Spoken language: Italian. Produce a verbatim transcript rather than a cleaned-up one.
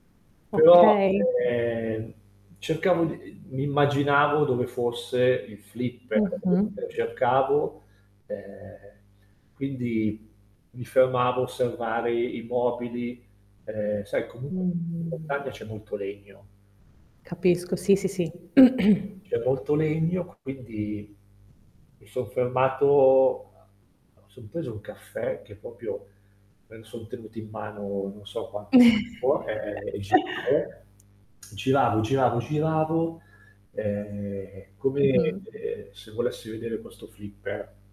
Però, Okay. ehm, cercavo di uhm, mi immaginavo dove fosse il flipper Mh-mh. [unintelligible] cercavo, ehm, quindi mi fermavo a osservare i i mobili, ehm, sai Mh-mh. comunque Capisco, sì, in sì, sì. montagna c'è molto legno. Capisco, sì, sì, sì. C'è molto legno, quindi mi son fermato a mi son preso un caffè che popio me lo son tenuto in mano, non so quanto tempo, ehm, e giravo, giravo, giravo, giravo, ehm, come, Mh-mh. ehm, se volessi vedere questo flipper.